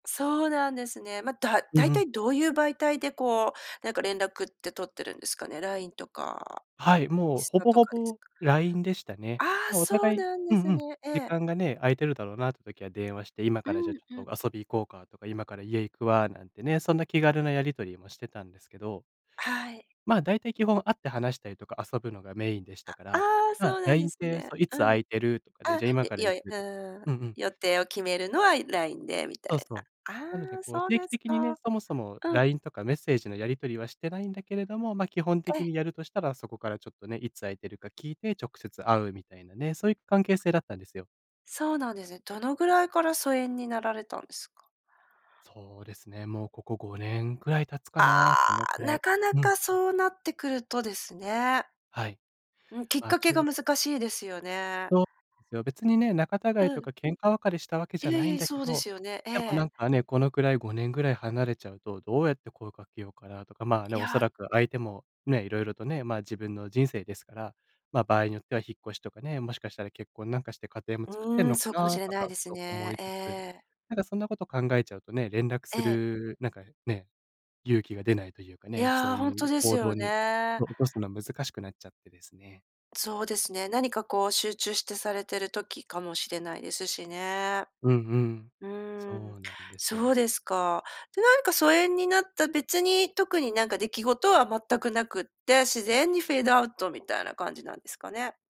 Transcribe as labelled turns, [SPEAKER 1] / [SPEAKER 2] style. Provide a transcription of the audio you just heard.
[SPEAKER 1] そうなんですね。まあ、だ
[SPEAKER 2] うん
[SPEAKER 1] 大
[SPEAKER 2] うん。
[SPEAKER 1] 体どういう媒体でこう、なんか連絡って取ってるんですかね、LINE とか、
[SPEAKER 2] はい、
[SPEAKER 1] イン
[SPEAKER 2] もう
[SPEAKER 1] ス
[SPEAKER 2] ほ
[SPEAKER 1] タ
[SPEAKER 2] ぼ
[SPEAKER 1] と
[SPEAKER 2] ほ
[SPEAKER 1] かです
[SPEAKER 2] ぼ
[SPEAKER 1] か？
[SPEAKER 2] LINE でしたね。
[SPEAKER 1] ああ、
[SPEAKER 2] まあお
[SPEAKER 1] そう
[SPEAKER 2] 互い
[SPEAKER 1] なん
[SPEAKER 2] う
[SPEAKER 1] で
[SPEAKER 2] んう
[SPEAKER 1] す
[SPEAKER 2] ん、
[SPEAKER 1] ね。え
[SPEAKER 2] 時
[SPEAKER 1] え。
[SPEAKER 2] 間がね、空いてるだろうなって時は電話して、今
[SPEAKER 1] う
[SPEAKER 2] からじゃあ
[SPEAKER 1] ん
[SPEAKER 2] ち
[SPEAKER 1] う
[SPEAKER 2] ょっ
[SPEAKER 1] ん。
[SPEAKER 2] と遊び行こうかとか、今から家行くわなんてね、そんな気軽なやり取りもしてたんですけど。
[SPEAKER 1] はい。
[SPEAKER 2] まあ、大体基本会って話したりとか、遊ぶのがメインでしたか
[SPEAKER 1] あ
[SPEAKER 2] ら、
[SPEAKER 1] ああ、
[SPEAKER 2] まあ、
[SPEAKER 1] そうなんで
[SPEAKER 2] LINE っ
[SPEAKER 1] す
[SPEAKER 2] て、
[SPEAKER 1] ね。
[SPEAKER 2] そういつ
[SPEAKER 1] う
[SPEAKER 2] 空
[SPEAKER 1] ん。
[SPEAKER 2] いてるとかね、
[SPEAKER 1] あ、
[SPEAKER 2] じゃあ今
[SPEAKER 1] よ
[SPEAKER 2] か
[SPEAKER 1] い
[SPEAKER 2] ら
[SPEAKER 1] よ
[SPEAKER 2] 行く
[SPEAKER 1] うーん、
[SPEAKER 2] うんうん。
[SPEAKER 1] 予定を決めるのは LINE でみた
[SPEAKER 2] そう
[SPEAKER 1] い
[SPEAKER 2] そ
[SPEAKER 1] な。
[SPEAKER 2] う。なので
[SPEAKER 1] ああ、
[SPEAKER 2] こう
[SPEAKER 1] そう
[SPEAKER 2] 定期
[SPEAKER 1] です
[SPEAKER 2] 的にね、
[SPEAKER 1] か。
[SPEAKER 2] そもそも
[SPEAKER 1] うん。
[SPEAKER 2] LINE とかメッセージのやり取りはしてないんだけれども、ま、基本
[SPEAKER 1] ええ。
[SPEAKER 2] 的にやるとしたら、そこからちょっとね、いつ空いてるか聞いて直接会うみたいなね、そういう関係性だったんですよ。
[SPEAKER 1] そうなんですね。どのぐらいから疎遠になられたんすか？
[SPEAKER 2] そうですね。もうここ5年ぐらい経つか
[SPEAKER 1] あ
[SPEAKER 2] な、そのく
[SPEAKER 1] あ、
[SPEAKER 2] ら
[SPEAKER 1] な
[SPEAKER 2] い。
[SPEAKER 1] かな
[SPEAKER 2] うん。
[SPEAKER 1] かそうなってくるとですね。
[SPEAKER 2] はい。
[SPEAKER 1] うん、きっ
[SPEAKER 2] まあ
[SPEAKER 1] か
[SPEAKER 2] ち
[SPEAKER 1] けが
[SPEAKER 2] ょ
[SPEAKER 1] 難しいですよね。
[SPEAKER 2] そう、すよ。別にね、仲たがい
[SPEAKER 1] う
[SPEAKER 2] と
[SPEAKER 1] ん。
[SPEAKER 2] か喧嘩別れしたわけじゃ
[SPEAKER 1] いえ
[SPEAKER 2] な
[SPEAKER 1] い
[SPEAKER 2] い
[SPEAKER 1] え、
[SPEAKER 2] ん
[SPEAKER 1] い、
[SPEAKER 2] だけ
[SPEAKER 1] そうで
[SPEAKER 2] ど、
[SPEAKER 1] すよね、え
[SPEAKER 2] でもな
[SPEAKER 1] え。
[SPEAKER 2] んかね、このくらい5年ぐらい離れちゃうと、どうやって声をかけようかなとか、まあね、
[SPEAKER 1] い
[SPEAKER 2] おそ
[SPEAKER 1] や。
[SPEAKER 2] らく相手もね、色々とね、まあ、自分の人生ですから、まあ、場合によっては引っ越しとかね、もしかしたら結婚なんかして家庭も作ってん
[SPEAKER 1] うん、
[SPEAKER 2] のか
[SPEAKER 1] そうかも
[SPEAKER 2] な
[SPEAKER 1] しれ
[SPEAKER 2] と
[SPEAKER 1] ない
[SPEAKER 2] か、
[SPEAKER 1] です
[SPEAKER 2] そう思
[SPEAKER 1] ね、
[SPEAKER 2] いつ
[SPEAKER 1] え
[SPEAKER 2] つ、
[SPEAKER 1] え。
[SPEAKER 2] なんかそんなこと考えちゃうとね、連絡
[SPEAKER 1] え
[SPEAKER 2] す
[SPEAKER 1] え。
[SPEAKER 2] るなんかね、勇気が出ないというか
[SPEAKER 1] い
[SPEAKER 2] ね、そう
[SPEAKER 1] や、ほん
[SPEAKER 2] い
[SPEAKER 1] と
[SPEAKER 2] う
[SPEAKER 1] です
[SPEAKER 2] 行動
[SPEAKER 1] よ
[SPEAKER 2] に、
[SPEAKER 1] ね。
[SPEAKER 2] お起こすの難しくなっちゃってですね。
[SPEAKER 1] そうですね、何かこう集中してされてる時かもしれないですしね。
[SPEAKER 2] うんうん、
[SPEAKER 1] うーん、
[SPEAKER 2] そうなんです
[SPEAKER 1] そ
[SPEAKER 2] よ。
[SPEAKER 1] うですか。で、なんか疎遠になった別に特になんか出来事は全くなくて、自然にフェードアウトみたいな感じなんですかね。